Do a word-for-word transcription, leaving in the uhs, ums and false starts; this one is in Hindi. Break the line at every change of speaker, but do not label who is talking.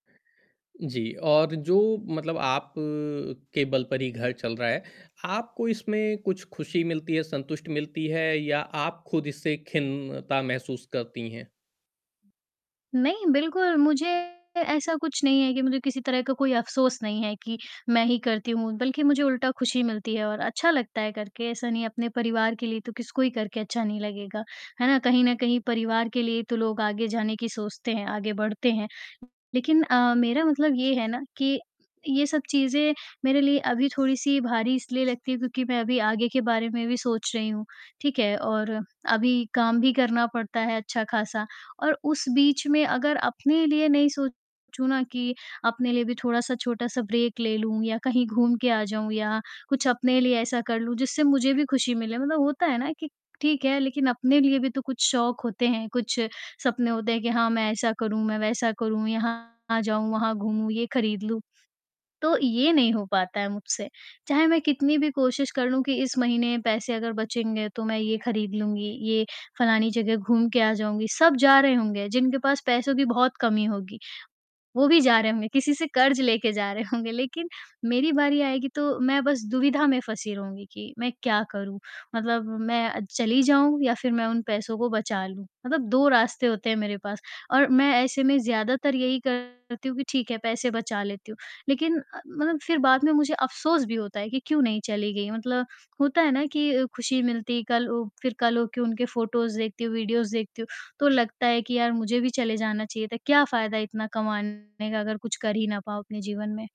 जी, और जो मतलब आप अ, के बल पर ही घर चल रहा है, आपको इसमें कुछ खुशी मिलती है, संतुष्ट मिलती है या आप ख़ुद इससे खिन्नता महसूस करती हैं?
नहीं, बिल्कुल मुझे ऐसा कुछ नहीं है कि मुझे किसी तरह का कोई अफ़सोस नहीं है, कि मैं ही करती हूँ बल्कि मुझे उल्टा खुशी मिलती है और अच्छा लगता है करके, ऐसा नहीं, अपने परिवार के लिए तो किसी को ही करके अच्छा नहीं लगेगा, है ना? कहीं न कहीं परिवार के लिए ही तो लोग आगे जाने की सोचते हैं, आगे बढ़ते हैं। लेक़िन अ, मेरा मतलब ये है ना कि ये सब चीज़े मेरे लिए अभी थोड़ी-सी भारी इसलिए लगती हैं क्योंकि मैं अभी आगे के बारे में भी सोच रही हूँ, ठीक है? और अभी काम भी करना पड़ता है अच्छा ख़ासा। और उस बीच में अगर अपने लिए नहीं सोचूँ ना कि अपने लिए भी थोड़ा-सा छोटा-सा ब्रेक ले लूँ या कहीं घूम के आ जाऊँ या कुछ अपने लिए ऐसा कर लूँ जिससे मुझे भी खुशी मिले। मतलब होता है ना कि ठीक है लेक़िन अपने लिए भी तो कुछ शौक होते हैं, कुछ सपने होते हैं कि हाँ, मैं ऐसा करूँ, मैं वैसा करूँ, यहाँ जाऊँ, वहाँ घूमूँ, ये ख़रीद लूँ, तो ये नहीं हो पाता है मुझसे। चाहे मैं कितनी भी कोशिश कर लूँ कि इस महीने पैसे अगर बचेंगे तो मैं ये ख़रीद लूँगी, ये फ़लानी जगह घूम के आ जाऊँगी, सब जा रहे होंगे, जिनके पास पैसों की बहुत कमी होगी, वो भी जा रहे होंगे। किसी से कर्ज़ लेकर जा रहे होंगे लेक़िन मेरी बारी आएगी तो मैं बस दुविधा में फँसी रहूँगी कि मैं क्या करूँ? मतलब मैं चली जाऊँ या फ़िर मैं उन पैसों को बचा लूँ, मतलब दो रास्ते होते हैं मेरे पास और मैं ऐसे में ज़्यादातर यही करती हूँ कि ठीक है, पैसे बचा लेती हूँ। लेक़िन अ, मतलब फ़िर बाद में मुझे अफ़सोस भी होता है कि क्यों नहीं चली गई? मतलब होता है ना कि खुशी मिलती कल उ, फ़िर कल हो के उनके फोटोज़ देखती हूँ, वीडिओज़ देखती हूँ, तो लगता है कि यार मुझे भी चले जाना चाहिए था, क्या फ़ायदा इतना कमाने का अगर कुछ कर ही ना पाओ अपने जीवन में।